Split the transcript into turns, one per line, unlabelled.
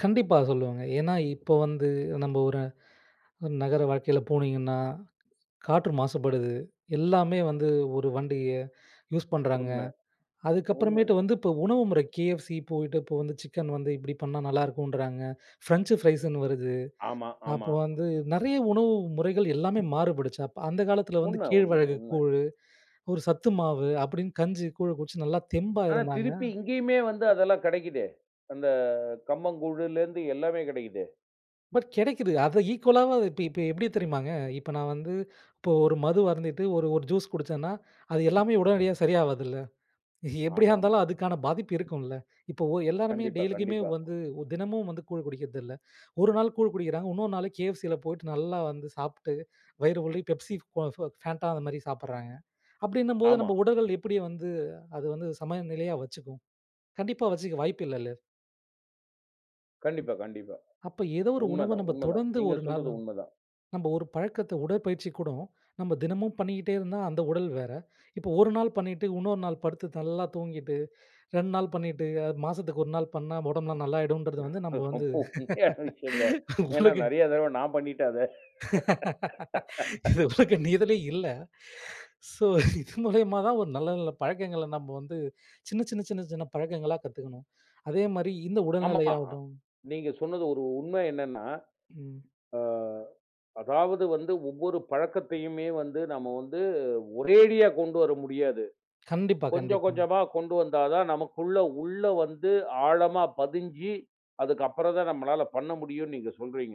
கண்டிப்பா சொல்லுவங்க. ஏன்னா, இப்ப வந்து நம்ம ஒரு நகர வாழ்க்கைல போனீங்கன்னா, காற்று மாசுபடுது. எல்லாமே வந்து ஒரு வண்டிய யூஸ் பண்றாங்க.
உண்ம,
அதுக்கப்புறமேட்டு
உண்ம.
வந்து இப்போ உணவு முறை KFC போயிட்டு, இப்போ வந்து சிக்கன் வந்து இப்படி பண்ணா நல்லாருக்குன்றாங்க. ஃப்ரெஞ்ச் ஃப்ரைஸுன்னு வருது.
ஆமா, ஆமா.
அப்போ வந்து, நிறைய உணவு முறைகள் எல்லாமே மாறுபடுச்சு. அப்ப அந்த காலத்துல வந்து
உண்ம, உண்ம,
கேழ்வரகு
உண்ம.
கூழு, ஒரு சத்து மாவு, அப்படின்னு கஞ்சி, கூழ குடிச்சி, நல்லா தெம்பா
ஆனா,
இருந்தாங்க.
திருப்பி இங்கயுமே வந்து அதெல்லாம் கிடைக்குதே! அந்த கம்பங்கூழுலருந்து எல்லாமே கெடைக்குதே!
பட் கிடைக்குது. அத ஈக்குவலாவது இப்ப இப்ப எப்படி தெரியுமாங்க, இப்ப நான் வந்து இப்போ ஒரு மது அருந்திட்டு ஒரு ஒரு ஜூஸ் குடிச்சன்னா, அது எல்லாமே உடனடியா சரியாவாதுல்ல, எப்படியா
ஆமாமா.
இருந்தாலும் அதுக்கான பாதிப்பு இருக்கும்ல, இப்போ எல்லாருமே
கண்டிப்பா,
டெய்லிக்குமே
கண்டிப்பா.
வந்து, ஒ தினமும் வந்து கூழ் குடிக்கிறதில்ல. ஒரு நாள் கூழ் குடிக்கிறாங்க. இன்னொரு நாள் KFCல போய்ட்டு நல்லா வந்து சாப்ட்டு, வயிறு வழிய பெப்சி, க்கொ ஃப் ஃபேண்டான்னு அந்த மாரி சாப்பட்றாங்க. அப்படின்னும்போது
ஆமா.
நம்ம உடல்கள் எப்படி வந்து, அது வந்து சமநிலையா வச்சுக்கும்? கண்டிப்பா வச்சுக்க வாய்ப்பு இல்லல.
கண்டிப்பா, கண்டிப்பா.
அப்ப ஏதோ ஒரு உணவ
உண்மதான்,
நம்ம
உண்மதான்.
தொடர்ந்து
நீங்க
ஒரு நாள்
சொல்றது உண்மதான்.
நம்ம ஒரு பழக்கத்த உடற்பயிற்சி கூடம். நம்ம தினமும் பண்ணிட்டே இருந்தா அந்த உடல் வேற. இப்போ ஒரு நாள் பண்ணிட்டு, இன்னொரு நாள் படுத்து, நல்லா தூங்கிட்டு. 2 நாள் பண்ணிட்டு, அ மாசத்துக்கு 1 நாள் பண்ணா உடம்பெல்லாம் நாள்ளாயிடுன்றது வந்து நம்ம வந்து,
ரொம்ப உண்மையான விஷயங்க. ஏன்னா
உங்களுக்கு!
நிறைய தடவ நான் பண்ணிட்டேன் அத.
இது உலக நீதிலே இல்ல. சோ இது மூலியமா தான் ஒரு நல்ல நல்ல பழக்கங்கள நம்ம வந்து, சின்ன, சின்ன, சின்ன, சின்ன, பழக்கங்களா கத்துக்கணும்! அதே மாரி இந்த
ஆமா,
உடல்நிலையாகட்டும்
நீங்க சொன்னது ஒரு உண்மை என்னன்னா,
ம்.
அ அதாவது வந்து ஒவ்வொரு பழக்கத்தையுமே வந்து நாம வந்து ஒரேடியா கொண்டு வர முடியாது.
கண்டிப்பா,
கொஞ்சம்
கண்டிப்பா.
கொஞ்சமா கொண்டு வந்தா தான் நமக்குள்ள உள்ள வந்து ஆழமா பதிஞ்சு, அதுக்குப்புறம் தான் நம்மளால பண்ண முடியும்ன்னு நீங்க சொல்றீங்க!